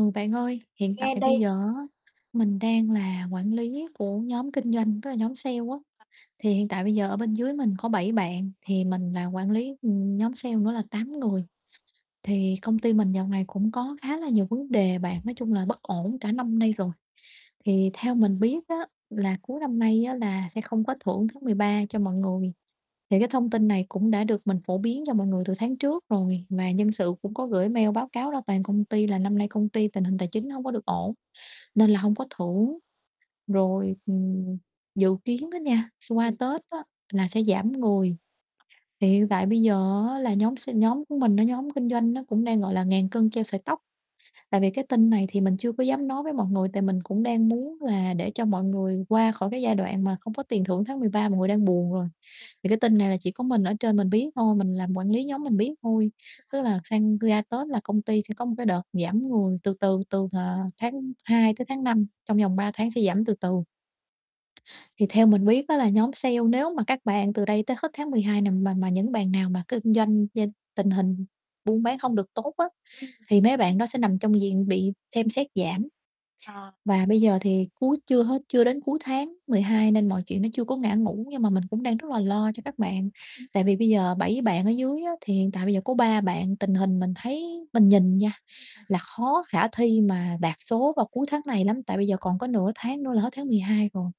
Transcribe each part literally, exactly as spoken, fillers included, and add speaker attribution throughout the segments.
Speaker 1: Bạn
Speaker 2: bạn ơi,
Speaker 1: ơi,
Speaker 2: hiện tại
Speaker 1: mình nghe
Speaker 2: bây
Speaker 1: đây.
Speaker 2: giờ á, mình đang là quản lý của nhóm kinh doanh, tức là nhóm sale á. Thì hiện tại bây giờ ở bên dưới mình có bảy bạn, thì mình làm quản lý, ừm, nhóm sale nữa là tám người. Thì công ty mình dạo này cũng có khá là nhiều vấn đề bạn, nói chung là bất ổn cả năm nay rồi. Thì theo mình biết á là cuối năm nay á là sẽ không có thưởng tháng mười ba cho mọi người. Thì cái thông tin này cũng đã được mình phổ biến cho mọi người từ tháng trước rồi, mà nhân sự cũng có gửi mail báo cáo ra toàn công ty là năm nay công ty tình hình tài chính hông có được ổn, nên là hông có thưởng. Rồi, ừm, dự kiến đó nha, s qua Tết
Speaker 1: [unintelligible]
Speaker 2: á là sẽ giảm người, thì hiện tại bây giờ á là nhóm s nhóm của mình nó nhóm kinh doanh nó cũng đang, gọi là, ngàn cân treo sợi tóc. Tại vì cái tin này thì mình chưa có dám nói với mọi người, tại mình cũng đang muốn là để cho mọi người qua khỏi cái giai đoạn mà không có tiền thưởng tháng mười ba mọi người đang buồn rồi. Thì cái tin này là chỉ có mình ở trên mình biết thôi, mình làm quản lý nhóm mình biết thôi. Tức là sang ra Tết là công ty sẽ có một cái đợt giảm người từ từ từ, ờ, tháng hai tới tháng năm, trong vòng ba tháng sẽ giảm từ từ. Thì theo mình biết á là nhóm sale, nếu mà các bạn từ đây tới hết tháng mười hai này mà mà những bạn nào mà kinh doanh danh tình hình buôn bán hông được tốt á,
Speaker 1: Ừm.
Speaker 2: thì mấy bạn đó sẽ nằm trong diện bị xem xét giảm.
Speaker 1: Ờ.
Speaker 2: Và bây giờ thì cuối chưa hết chưa đến cuối tháng mười hai nên mọi chuyện nó chưa có ngã ngũ. Nhưng mà mình cũng đang rất là lo cho các bạn,
Speaker 1: Ừm.
Speaker 2: tại vì bây giờ bảy bạn ở dưới á thì hiện tại bây giờ có ba bạn tình hình mình thấy mình nhìn nha, là khó khả thi mà đạt số vào cuối tháng này lắm. Tại bây giờ còn có nửa tháng nữa là hết tháng mười hai rồi,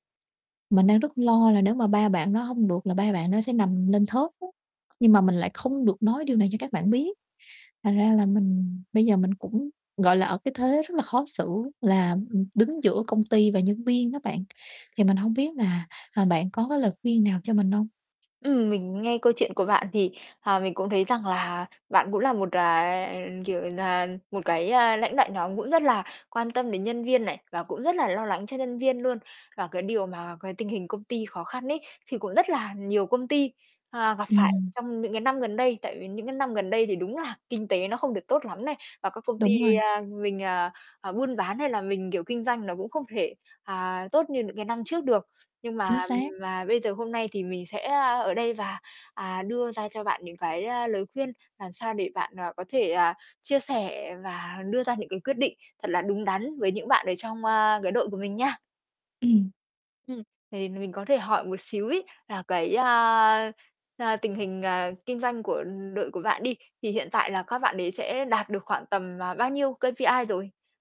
Speaker 2: mình đang rất lo là nếu mà ba bạn đó hông được là ba bạn đó sẽ nằm lên thớt á. Nhưng mà mình lại không được nói điều này cho các bạn biết, thành ra là mình bây giờ mình cũng, gọi là, ở cái thế rất là khó xử là, ừm, đứng giữa công ty và nhân viên đó bạn. Thì mình hông biết là, ờ, bạn có cái lời khuyên nào cho mình hông?
Speaker 1: Ừm, mình nghe câu chuyện của bạn thì, ờ, mình cũng thấy rằng là bạn cũng là một, à, kiểu nà, một cái, a, lãnh đạo nhóm cũng rất là quan tâm đến nhân viên này và cũng rất là lo lắng cho nhân viên luôn. Và cái điều mà cái tình hình công ty khó khăn ấy, thì cũng rất là nhiều công ty, à, gặp phải
Speaker 2: Ừm.
Speaker 1: trong những cái năm gần đây. Tại vì những cái năm gần đây thì đúng là kinh tế nó không được tốt lắm này, và các công ty
Speaker 2: Đúng rồi.
Speaker 1: a, mình, à, à, buôn bán hay là mình, kiểu, kinh doanh nó cũng không thể, à, tốt như những cái năm trước được. Nhưng mà,
Speaker 2: Chính
Speaker 1: ừm,
Speaker 2: xác.
Speaker 1: mà bây giờ hôm nay thì mình sẽ, a, ở đây và, à, đưa ra cho bạn những cái, a, lời khuyên làm sao để bạn, à, có thể, à, chia sẻ và đưa ra những cái quyết định thật là đúng đắn với những bạn ở trong, a, cái đội của mình nha.
Speaker 2: Ừm.
Speaker 1: Ừm, thì mình có thể hỏi một xíu ấy là cái, a, a, tình hình, à, kinh doanh của, ừ, đội của bạn đi, thì hiện tại là các bạn đấy sẽ đạt được khoảng tầm, à, bao nhiêu K-P-I rồi?